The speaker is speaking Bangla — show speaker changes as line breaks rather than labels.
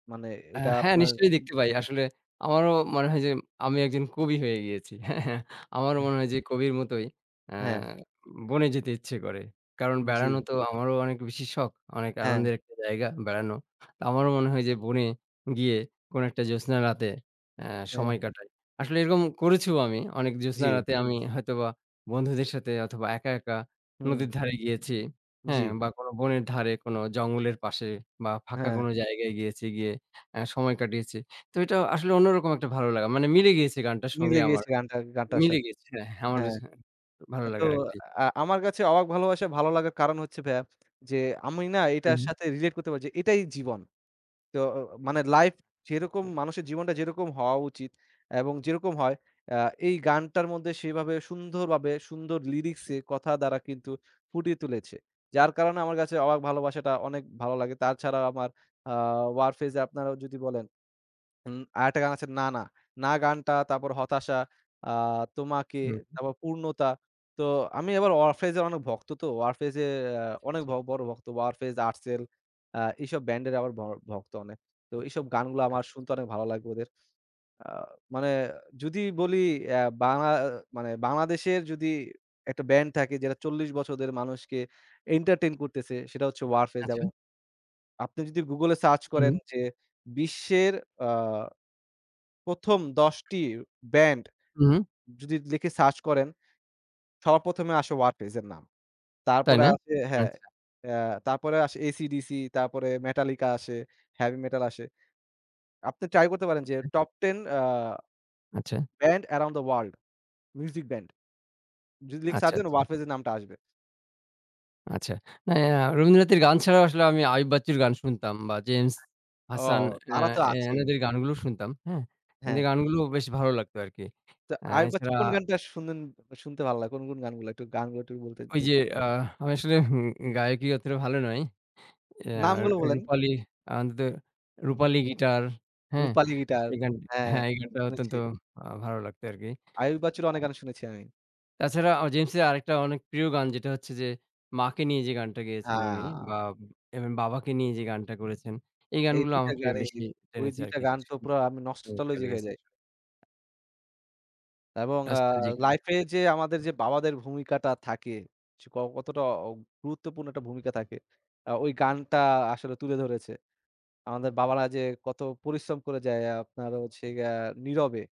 মানে
আ
এটা
হ্যাঁ,
আপনার
নিশ্চয়ই দেখতে পাই। আসলে আমারও মনে হয় যে আমি একজন কবি হয়ে গিয়েছি। হ্যাঁ, হ্যাঁ আমারও
এহ
মনে হয় যে কবির মতোই, অ্যা
হ্যাঁ।
বনে যেতে ইচ্ছে করে। কারণ বেড়ানো
জি।
তো আমারও অনেক বেশি শখ। অনেক
হ্যাঁ।
আনন্দের একটা জায়গা বেড়ানো। তো আমারও মনে হয় যে বনে, গিয়ে কোন একটা জোছনা রাতে, অ্যা
হ্যাঁ।
সময় কাটাই। আসলে এরকম করেছিও আমি। অনেক জোছনা
জি।
রাতে আমি হয়তোবা বন্ধুদের সাথে অথবা একা, একা,
হুম।
নদীর ধারে গিয়েছি, হ্যাঁ।
জি।
বা কোন বনের ধারে, কোন জঙ্গলের পাশে বা ফাঁকা
হ্যাঁ।
কোন জায়গায় গিয়েছি, গিয়ে এ্যা সময় কাটিয়েছি। তো এটা আসলে অন্যরকম একটা ভালো লাগা। মানে মিলে গিয়েছে গানটার
মিলে
সঙ্গে আমার,
গিয়েছে গানটার গানটার
মিলে
সাথে।
গিয়েছে, হ্যাঁ, হ্যা, আমার
হ্যাঁ।
[unintelligible] ভালো
আ তো
লাগার একটি।
আ আমার কাছে অবাক ভালোবাসা ভালো লাগার কারণ হচ্ছে ভাইয়া যে, আমি না এটার
হুম।
সাথে Relate করতে পারি যে এটাই জীবন। তো অ মানে life যেরকম মানুষের জীবনটা যেরকম হওয়া উচিত এবং যেরকম হয় এ্যাঁ এই গানটার মধ্যে সেভাবে সুন্দরভাবে সুন্দর Lyrics এ কথা দ্বারা কিন্তু ফুটিয়ে তুলেছে। যার কারণে আমার কাছে অবাক ভালোবাসাটা অনেক ভালো লাগে। তার ছাড়াও আমার আ Warfaze আপনারা যদি বলেন উম আরেকটা গান আছে না, না। না গানটা তারপর হতাশা, আ তোমাকে,
হুম।
তারপর পূর্ণতা। তো আমি আবার Warfaze অনেক ভক্ত তো। Warfaze এ্যাঁ
আচ্ছা,
অনেক
আচ্ছা।
ব বড় ভক্ত। Warfaze, Artcell আ এইসব Band এর আবার ভ ভক্ত অনেক। তো এইসব গানগুলো আমার
আচ্ছা। আচ্ছা।
শুনতে অনেক ভালো লাগবে ওদের। আ মানে, যদি বলি এ্যা বাংলা, এ্যা মানে বাংলাদেশের যদি একটা Band থাকে যেটা ৪০ বছরের মানুষকে Entertain করতেছে সেটা হচ্ছে Warfaze
আচ্ছা।
এবং আপনি যদি Google এ Search
হুম।
করেন যে, বিশ্বের আ প্রথম ১০ Band
হুম।
যদি লিখে Search করেন, সবার প্রথমে আসে Warfaze এর নাম। তারপরে
তাইনা,
আসে হ্যাঁ,
আচ্ছা।
এ্যাঁ তারপরে আসে AC/DC তারপরে Metallica আসে Heavy Metal আসে। আপনি Try করতে পারেন
হু,
যে,
হুম।
Top Ten এ্যাঁ
আচ্ছা।
Band Around the World, music band যদি লিখে
আচ্ছা,
Search দেন,
আচ্ছা।
Warfaze এর নামটা আসবে।
আচ্ছা। এ্যা আ রবীন্দ্রনাথের গান ছাড়াও আসলে আমি আয়ুব বাচ্চুর গান শুনতাম বা James,
ও
Hasan
তারা
এ্যাঁ
তো
এ
আছেই।
এনাদের গানগুলো শুনতাম, হ্যাঁ?
হ্যাঁ।
এদের গানগুলো বেশ ভালো লাগতো আরকি।
তো
এ্যা
আয়ুব বাচ্চুর
এছাড়া
কোন গানটা শুনেন, শুনতে ভালো লাগে কোন, কোন, গানগুলো একটু গানগুলো একটু বলতে,
ঐ
যুদ
যে আ আমি আসলে উ উম গায়কী অতটা ভালো নই। এ আর
নামগুলো বলেন।
রুপালি [unintelligible]
উ
রুপালি Guitar, হ্যাঁ?
রুপালি গিটার
এই গান
হ্যাঁ,
হ্যাঁ এগুলা গান অত্যন্ত
শুনেছি।
আ ভালো লাগতো আরকি,
আয়ুব বাচ্চুর অনেক
[unintelligible]
গান শুনেছি আমি।
তাছাড়া James এর আরেকটা অনেক প্রিয় গান যেটা হচ্ছে যে, “মা” কে নিয়ে যে গানটা গেয়েছেন উনি
হ্যাঁ।
বা এম, এম, “বাবা” কে নিয়ে যে গানটা করেছেন, এই
এই
গানগুলো
২ টা
আমাকে
গানেরই,
বেশি
ওই
টেনেছে
২ টা
আরকি।
গান তো
[unintelligible]
পুরা আমি
চমৎকার
Nostalgic
লেগেছে।
হয়ে যাই। এবং আ
রাস্তা জি, জি, জি।
Life এ যে আমাদের যে বাবাদের ভূমিকাটা থাকে সে ক কতটা অ গুরুত্বপূর্ণ একটা ভূমিকা থাকে, এ্যাঁ ওই গানটা আসলে তুলে ধরেছে। আমাদের বাবারা যে কত পরিশ্রম করে যায় আ আপনার হচ্ছে গ্যা নীরবে।